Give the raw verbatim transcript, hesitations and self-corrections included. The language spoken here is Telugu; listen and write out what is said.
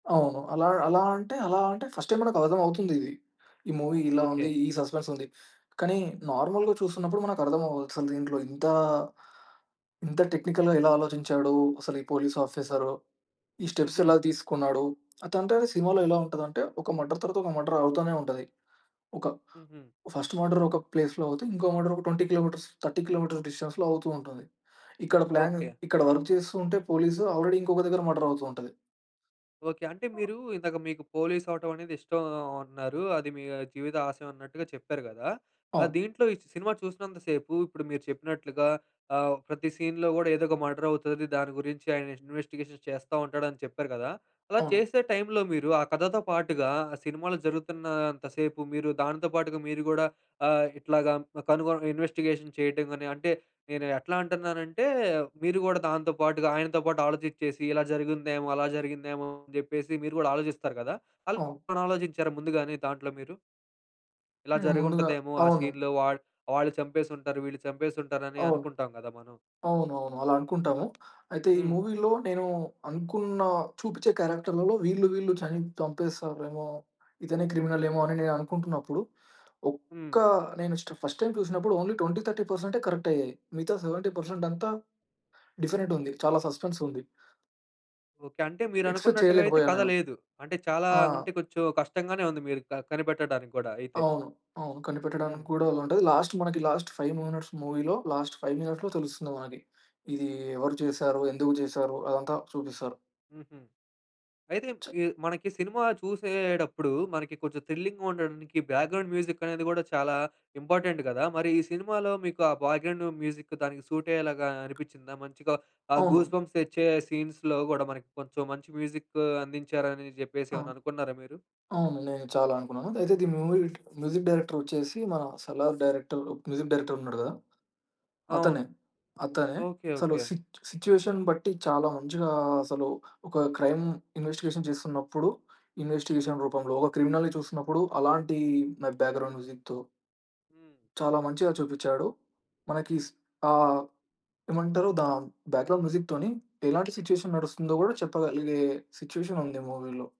ఓహో! అలా, అలా అంటే అలా అంటే, ఫస్ట్ టైమ్ మనకు అర్థం అవుతుందిది. ఈ మూవీ ఇలా ఉంది ఓకే. ఈ సస్పెన్స్ ఉంది. కానీ, నార్మల్‌గా చూస్తున్నప్పుడు మనకు అర్థం అవ్వదు అసలు దీంట్లో ఇంతా, ఇంత టెక్నికల్‌గా ఎలా ఆలోచించాడు, అసలు ఈ పోలీస్ ఆఫీసరు. ఈ స్టెప్స్ హుహు. ఎలా తీసుకున్నాడు, అది అంటే సినిమాలో ఎలా ఉంటదంటే, ఒక మర్డర్ తర్వాత, ఒక మర్డర్ అవుతనే ఉంటది. ఒక హుహు. ఫస్ట్ మర్డర్ ఒక ప్లేస్‌లో అవుతే, ఇంకో మర్డర్ ఒక ట్వెంటీ కిలోమీటర్స్, థర్టీ కిలోమీటర్స్ డిస్టెన్స్‌లో అవుతూంటది. ఇక్కడ ప్లాన్ ఓకే. ఇక్కడ వర్క్ చేస్తూ ఉంటే పోలీసు, ఆల్రెడీ ఇంకొక దగ్గర మర్డర్ అవుతూ ఉంటది. ఓకే. అంటే మీరు ఇందాక మీకు పోలీస్ అవ్వటమనేది ఇష్టం అన్నారు. అది మీ జీవిత ఆశయమన్నట్టుగా చెప్పారు గదా! ఆహ్, అవును. దీంట్లో ఈ సినిమా చూసినంత సేపు ఇప్పుడు మీరు చెప్పినట్లుగా ఆహ్, ప్రతి సీన్‌లో కూడా, ఏదో ఒక మర్డర్ అవుతాది దాని గురించి ఆయన ఇన్వెస్టిగేషన్ చేస్తా ఉంటాడని చెప్పారు గదా! అలా అవును. చేసే టైంలో మీరు ఆ కథతో పాటు‌గా సినిమాలు జరుగుతున్నంత సేపు మీరు దానితో పాటుగా మీరు గూడా ఆహ్, ఇట్లాగా కనుగొని ఇన్వెస్టిగేషన్ చేయటంగాని అంటే నేను ఎట్లా అంటున్నానంటే, మీరు గూడా దానితో పాటుగా, ఆయనతో పాటు ఆలోచించేసి ఇలా జరిగిందేమో! అలా జరిగిందేమో! అని చెప్పేసి మీరు గూడా ఆలోచిస్తారు గదా! అలా! అవును. ఆలోచించారా ముందుగానీ దాంట్లో మీరు? ఇలా హ్మ్. ముందుగా జరిగుంటదేమో! ఆ అవును. సీన్‌లో వాళ్ వాళ్ళు చంపేసి ఉంటారు, వీళ్ళు చంపేసి ఉంటారని అవును. అనుకుంటాం గదా! మనం. అవునువును. అలా అల్ అ అనుకుంటాము. అయితే ఈ హ్మ్. మూవీలో, నేను అనుకున్న చూపించే క్యారెక్టర్‌లలో వీళ్ళు, వీళ్ళు చని చంపేస్తారేమో, ఇతనే క్రిమినలేమో అని నేననుకుంటున్నప్పుడు, ఒక్క హ్మ్. నేను స్ట ఫస్ట్ టైమ్ చూసినప్పుడు only 20, twenty thirty percent correct అయ్యాయి. మిగతా సెవెంటీ పర్సెంట్ అంతా డిఫరెంట్ ఉంది చాలా సస్పెన్స్ ఉంది. ఓకే. అంటే మీరు ఎక్స్పెక్ట్ అనుకున్నట్టుగా అయితే చేయలేకపోయాను కథ నేను. లేదు. అంటే చాలా, ఆ! అంటే కొంచెం కష్టంగానే ఉంది మీరు క కనిపెట్టడానికి గూడా అయితే. అవును. అవును. హుహు. కనిపెట్టడానికి కూడా ఉంటది. లాస్ట్ మనకి లాస్ట్ ఫైవ్ మినిట్స్ మూవీలో, లాస్ట్ ఫైవ్ మినిట్స్‌లో తెలుస్తుంది మనకి. ఇది ఎవరు చేశారు, ఎందుకు చేసారు అదంతా చూపిస్తారు. హుహు. అయితే చ ఈ మనకి సినిమా చూసేడప్పుడు, మనకి కొంచెం థ్రిల్లింగ్‌గా ఉండడానికి, బ్యాక్‌గ్రౌండ్ మ్యూజిక్ అనేది కూడా చాలా ఇంపార్టెంట్ గదా! మరి ఈ సినిమాలో మీకు ఆ బ్యాక్‌గ్రౌండ్ మ్యూజిక్ దానికి సూట్ అయ్యేలాగా అనిపించిందా? మంచిగా ఆ అవును. గూస్‌బంప్స్ తెచ్చే సీన్స్‌లో కూడా మనకి కొంచెం మంచి మ్యూజిక్ అందించారని చెప్పేసి అవును. ఏమైనా అనుకున్నారా మీరు? అవును. నేను చాలా అనుకున్నాను. అయితే దీని మూవీ మ్యూజిక్ డైరెక్టర్ వచ్చేసి మన 'సాలార్' డైరెక్టర్ మ్యూజిక్ డైరెక్టర్ ఉన్నాడు గదా! అవును. అతనే. అతనే. ఓకే. అసలు ఓకే. సి సిట్యుయేషన్ బట్టి చాలా మంచిగా అసలు ఒక క్రైమ్ ఇన్వెస్టిగేషన్ చేస్తున్నప్పుడు, ఇన్వెస్టిగేషన్ రూపంలో, ఒక క్రిమినల్ చూస్తున్నప్పుడు అలాంటి మె బ్యాక్‌గ్రౌండ్ మ్యూజిక్‌తో... హ్మ్. చాలా మంచిగా చూపించాడు. మనకి స్ ఆహ్, ఏమంటారు? దాని బ్యాక్‌గ్రౌండ్ మ్యూజిక్‌తోని ఎలాంటి మూవీలో. నడుస్తుందో కూడా చెప్పగలిగే సిట్యుయేషన్ ఉంది మూవీలో.